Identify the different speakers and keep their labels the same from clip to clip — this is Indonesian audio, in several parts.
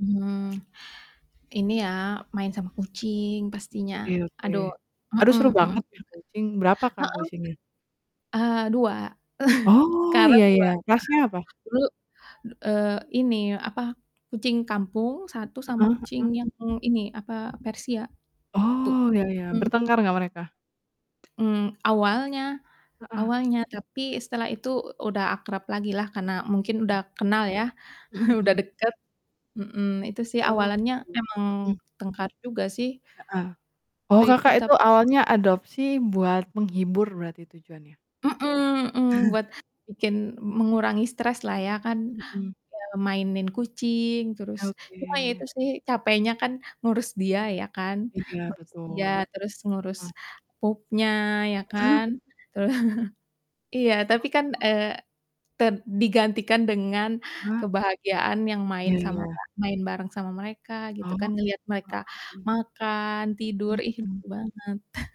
Speaker 1: Mmm, ini ya main sama kucing pastinya
Speaker 2: Oke oke,
Speaker 1: aduh,
Speaker 2: aduh
Speaker 1: heeh
Speaker 2: seru
Speaker 1: heeh.
Speaker 2: banget punya kucing, berapa Kak
Speaker 1: Heeh.
Speaker 2: kucingnya?
Speaker 1: Eee, 2
Speaker 2: Oh,
Speaker 1: sekarang
Speaker 2: ya
Speaker 1: 2.
Speaker 2: ya,
Speaker 1: Heeh,
Speaker 2: rasnya apa?
Speaker 1: dulu, eee, ini apa, kucing kampung 1 sama
Speaker 2: Heeh
Speaker 1: kucing
Speaker 2: heeh.
Speaker 1: yang ini, apa, persia 1
Speaker 2: Oh, ya ya,
Speaker 1: mhm.
Speaker 2: bertengkar nggak mereka?
Speaker 1: Mmm, awalnya
Speaker 2: Heeh.
Speaker 1: awalnya, tapi setelah itu udah akrab lagi lah, karena mungkin udah
Speaker 2: Mmm.
Speaker 1: kenal ya,
Speaker 2: Mhm
Speaker 1: udah
Speaker 2: mhm.
Speaker 1: deket, mhm, itu sih
Speaker 2: Oh,
Speaker 1: awalannya
Speaker 2: gitu,
Speaker 1: emang
Speaker 2: mhm.
Speaker 1: tengkar juga sih.
Speaker 2: Heeh, oh,
Speaker 1: Waktu itu
Speaker 2: Kakak
Speaker 1: tap
Speaker 2: itu awalnya adopsi buat menghibur berarti tujuannya?
Speaker 1: Mhm mhm, buat bikin mengurangi stres lah ya kan,
Speaker 2: Mhm.
Speaker 1: eee, mainin kucing, terus ya itu
Speaker 2: Oke.
Speaker 1: sih capeknya kan ngurus dia ya kan,
Speaker 2: Iya,
Speaker 1: ngurus dia,
Speaker 2: betul.
Speaker 1: terus ngurus
Speaker 2: Heeh.
Speaker 1: pupnya ya kan. Teru iya tapi kan,
Speaker 2: Oh.
Speaker 1: eee, ter digantikan dengan
Speaker 2: Ah.
Speaker 1: kebahagiaan yang main
Speaker 2: Ya
Speaker 1: sama
Speaker 2: ya.
Speaker 1: apa, main bareng sama mereka gitu
Speaker 2: Oh,
Speaker 1: kan, ngelihat mereka
Speaker 2: heeh.
Speaker 1: makan, tidur, ih
Speaker 2: Mhm.
Speaker 1: lucu banget.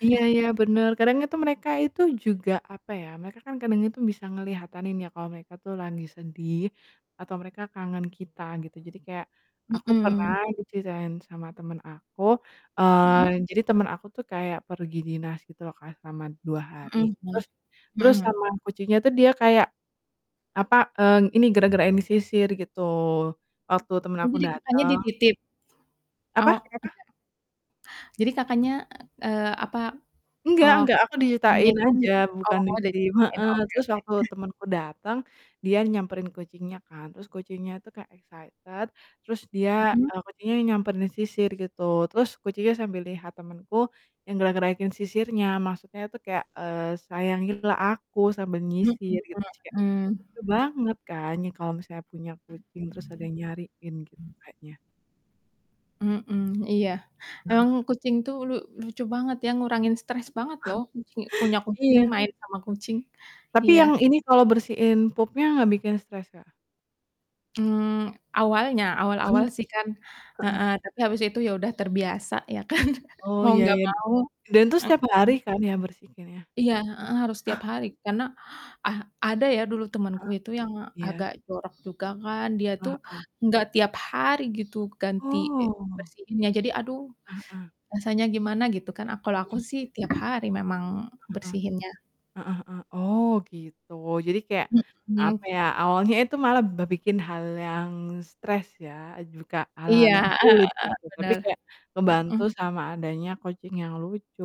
Speaker 2: Iya iya bener, kadang itu mereka itu juga apa ya, mereka kadang itu bisa ngelihatanin ya, kalau mereka tuh lagi sedih, atau mereka kangen kita gitu, jadi kayak, aku pernah
Speaker 1: Mhm.
Speaker 2: diceritain sama temen aku,
Speaker 1: Mhm.
Speaker 2: eee, jadi temen aku tuh kayak pergi dinas gitu loh Kak, selama 2 hari,
Speaker 1: Mhm mhm,
Speaker 2: terus terus
Speaker 1: mhm.
Speaker 2: sama kucingnya tuh dia kayak, apa, eee, ini gerak-gerakin gitu, waktu temen
Speaker 1: Oh,
Speaker 2: aku
Speaker 1: jadi Kakaknya
Speaker 2: dateng.
Speaker 1: dititip?
Speaker 2: Apa?
Speaker 1: Oh,
Speaker 2: Kenapa?
Speaker 1: nggak. Jadi Kakaknya, eee, apa,
Speaker 2: Nggak
Speaker 1: oh,
Speaker 2: nggak, aku diceritain
Speaker 1: [unintelligible] itu
Speaker 2: aja, bukan di tim,
Speaker 1: [unintelligible]
Speaker 2: heeh,
Speaker 1: oke
Speaker 2: terus
Speaker 1: oke.
Speaker 2: waktu temenku dateng, dia nyamperin kucingnya kan, terus kucingnya tuh kayak excited terus dia
Speaker 1: Mhm.
Speaker 2: eee, kucingnya nyamperin sisir gitu, terus kucingnya sambil lihat temenku yang gerak-gerakin sisirnya, maksudnya tuh kayak, eee, "Sayangilah aku sambil
Speaker 1: Mhm
Speaker 2: nyisir," gitu sih, Kak,
Speaker 1: mhm.
Speaker 2: lucu banget kan, ya kalau misalnya punya kucing terus ada yang nyariin gitu kayaknya.
Speaker 1: Mhm, iya, emang kucing tuh lu lucu banget ya, ngurangin stres banget loh kucing, punya kucing,
Speaker 2: Iya.
Speaker 1: main sama kucing,
Speaker 2: Tapi
Speaker 1: iya.
Speaker 2: yang ini kalau bersihin pupnya nggak bikin stres Kak?
Speaker 1: Mmm, awalnya, awal-awal sih kan, heeh.
Speaker 2: Heeh.
Speaker 1: Tapi habis itu ya udah terbiasa ya kan.
Speaker 2: Oh,
Speaker 1: Mau
Speaker 2: ya
Speaker 1: ga
Speaker 2: ya
Speaker 1: mau,
Speaker 2: dan itu setiap hari
Speaker 1: mhm.
Speaker 2: kan ya bersihinnya ya?
Speaker 1: Iya, heeh, harus tiap hari karena, ah, ada ya dulu temenku
Speaker 2: Eee,
Speaker 1: itu yang
Speaker 2: iya.
Speaker 1: agak jorok juga kan, dia
Speaker 2: Eee,
Speaker 1: tuh
Speaker 2: heeh.
Speaker 1: nggak tiap hari gitu, ganti e
Speaker 2: Oh.
Speaker 1: bersihinnya, jadi aduh,
Speaker 2: Heeh.
Speaker 1: rasanya gimana gitu kan, a kalau aku
Speaker 2: Mmm.
Speaker 1: sih tiap hari memang
Speaker 2: Heeh.
Speaker 1: bersihinnya.
Speaker 2: Heeh heeh, oh gitu. Jadi kayak, apa
Speaker 1: Mhm.
Speaker 2: ya, awalnya itu malah ba bikin hal yang stres ya, juga hal-hal
Speaker 1: Iya,
Speaker 2: yang
Speaker 1: heeh heeh,
Speaker 2: sulit gitu, tapi
Speaker 1: bener,
Speaker 2: kayak membantu
Speaker 1: mhm.
Speaker 2: sama adanya kucing yang lucu.